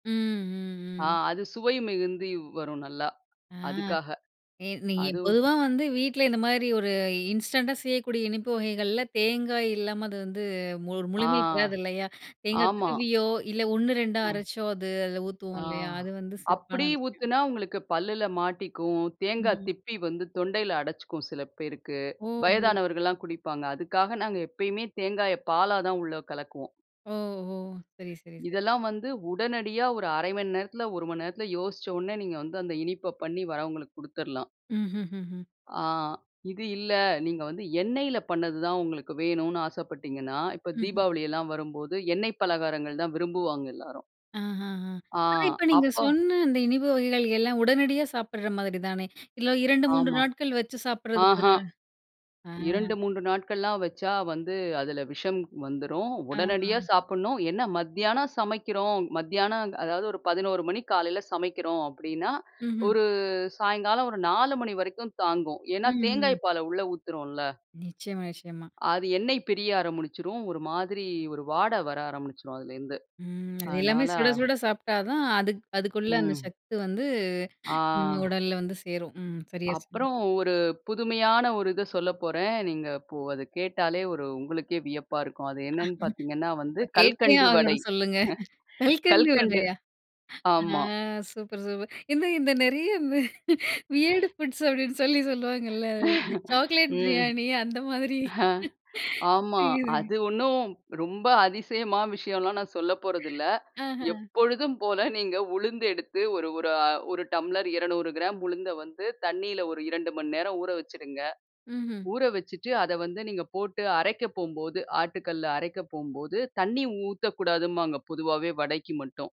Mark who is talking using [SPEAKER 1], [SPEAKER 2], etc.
[SPEAKER 1] ம், ம்,
[SPEAKER 2] ஆ
[SPEAKER 1] ம்.
[SPEAKER 2] அது சுவை மிகுந்து வரும் நல்லா.
[SPEAKER 1] ஆ
[SPEAKER 2] அதுக்காக
[SPEAKER 1] ஏ நீங்க
[SPEAKER 2] அதுவும்
[SPEAKER 1] பொதுவா வந்து வீட்ல இந்தமாரி ஒரு இன்ஸ்டன்ட்டா செய்யக்கூடிய இனிப்பு வகைகள்ல தேங்காய் இல்லாம அது வந்து மு
[SPEAKER 2] ஆ
[SPEAKER 1] முழுமை பெறாது இல்லயா! தேங்காய்
[SPEAKER 2] ஆமா.
[SPEAKER 1] திருவியோ! இல்ல 1,2 ஆ
[SPEAKER 2] ஆ.
[SPEAKER 1] அரச்சோ! அது அதில ஊத்துவோம்
[SPEAKER 2] ஆ
[SPEAKER 1] இல்லயா! அது வந்து சிறப்பான
[SPEAKER 2] அப்பிடி
[SPEAKER 1] விஷயம்.
[SPEAKER 2] ஊத்துனா, உங்களுக்கு பல்லுல மாட்டிக்கும். தேங்காய்
[SPEAKER 1] ம்.
[SPEAKER 2] திப்பி வந்து தொண்டையில அடச்சிக்கும் சில பேருக்கு.
[SPEAKER 1] ஓ! ஓ!
[SPEAKER 2] வயதானவர்கள்லாம் குடிப்பாங்க. அதுக்காக நாங்க எப்பயுமே தேங்காய பாலா தான் உள்ள கலக்குவோம்.
[SPEAKER 1] ஓ! ஓ! சரி, சரி, சரி.
[SPEAKER 2] இதெல்லாம் வந்து உடனடியா ஒரு 1/2 மணி நேரத்துல, 1 மணி நேரத்துல யோசிச்ச உடனே நீங்க வந்து அந்த இனிப்ப பண்ணி வரவங்களுக்கு கொடுத்துர்லாம்.
[SPEAKER 1] ம், ம், ம், ம்.
[SPEAKER 2] ஆ இது இல்ல. நீங்க வந்து எண்ணெயில பண்ணது தான் உங்களுக்கு வேணுன்னு ஆசைப்பட்டீங்கன்னா, இப்ப
[SPEAKER 1] ம், ம்.
[SPEAKER 2] தீபாவளி எல்லாம் வரும்போது எண்ணெய் பலகாரங்கள் தான் விரும்புவாங்க எல்லாரும்.
[SPEAKER 1] ஆ ,ஆ, ஆ
[SPEAKER 2] ஆ
[SPEAKER 1] ஆனா இப்ப நீங்க
[SPEAKER 2] அப்போ
[SPEAKER 1] சொன்ன அந்த இனிப்பு வகைகள் எல்லாம் உடனடியா சாப்பிட்ற மாதிரி தானே! இல்ல 2,3
[SPEAKER 2] ஆமா.
[SPEAKER 1] நாட்கள் வச்சு சாப்பிடுறதுக்கு
[SPEAKER 2] ஆஹா!
[SPEAKER 1] [unintelligible] ஆ.
[SPEAKER 2] 2, 3 நாட்கள்லாம் வச்சா வந்து அதில விஷம் வந்துரும்.
[SPEAKER 1] ஆ, ஆ.
[SPEAKER 2] உடனடியா சாப்புடணும். என்ன மத்தியானம் சமைக்கிறோம், மத்தியானம் அதாவது ஒரு 11:00 மணிக்கு காலையில சமைக்கிறோம் அப்பிடின்னா,
[SPEAKER 1] ம், ம்.
[SPEAKER 2] ஒரு சாயங்காலம் ஒரு 4:00 மணி வரைக்கும் தாங்கும்.
[SPEAKER 1] ம்,
[SPEAKER 2] ஏன்னா
[SPEAKER 1] ம்.
[SPEAKER 2] தேங்காய் பால உள்ள ஊத்துறோன்ல.
[SPEAKER 1] நிச்சயமா, நிச்சயமா.
[SPEAKER 2] அது எண்ணெய் பிரிய ஆரம்பிச்சிரும். ஒரு மாதிரி ஒரு வாட வர ஆரம்பிச்சிரும். அதுலேருந்து,
[SPEAKER 1] ம். அது எல்லாமே
[SPEAKER 2] அதனால
[SPEAKER 1] சுட சுட சாப்பிட்டா தான் அதுக் அதுக்குள்ள அந்த
[SPEAKER 2] ம்.
[SPEAKER 1] சக்தி வந்து
[SPEAKER 2] ஆ.
[SPEAKER 1] உடல்ல வந்து சேரும். ம், சரியா சொன்னீங்க.
[SPEAKER 2] அப்புறம் ஒரு புதுமையான ஒரு இத சொல்ல போறேன். நீங்க இப்போ அத கேட்டாலே ஒரு உங்களுக்கே வியப்பா இருக்கும். அது என்னன்னு பாத்தீங்கன்னா வந்து
[SPEAKER 1] கேட்டே
[SPEAKER 2] கல்கண்டு வடை.
[SPEAKER 1] ஆகணும் சொல்லுங்க. கல்கண்டு
[SPEAKER 2] கல்கண்டு
[SPEAKER 1] வடையா? ஆ
[SPEAKER 2] ஆமா.
[SPEAKER 1] Super, super. எந்த இந்த நிறைய இந்த வியர்டு ஃபுட்ஸ் அப்பிடின்னு சொல்லி சொல்லுவாங்கல்ல அதில. சாக்லேட்
[SPEAKER 2] ம்.
[SPEAKER 1] பிரியாணி அந்த மாதிரி.
[SPEAKER 2] ஆமா.
[SPEAKER 1] செய்றேங்க.
[SPEAKER 2] அது ஒன்னும் ரொம்ப அதிசயமா விஷயம்லாம் நான் சொல்ல போறதில்ல.
[SPEAKER 1] ஆஹ.
[SPEAKER 2] எப்பொழுதும் போல நீங்க உளுந்து எடுத்து ஒரு ஒரு அ ஒரு டம்ளர் 200 கிராம் உளுந்த வந்து தண்ணீல ஒரு 2 மணி நேரம் ஊற வச்சுருங்க.
[SPEAKER 1] ம்ஹ்ம்.
[SPEAKER 2] ஊற வச்சுட்டு அத வந்து நீங்க போட்டு அரைக்க போம்போது ஆட்டுக்கல்ல அரைக்க போம்போது தண்ணீ ஊத்தக்கூடாதும்பாங்க. பொதுவாவே வடைக்கு மட்டும்.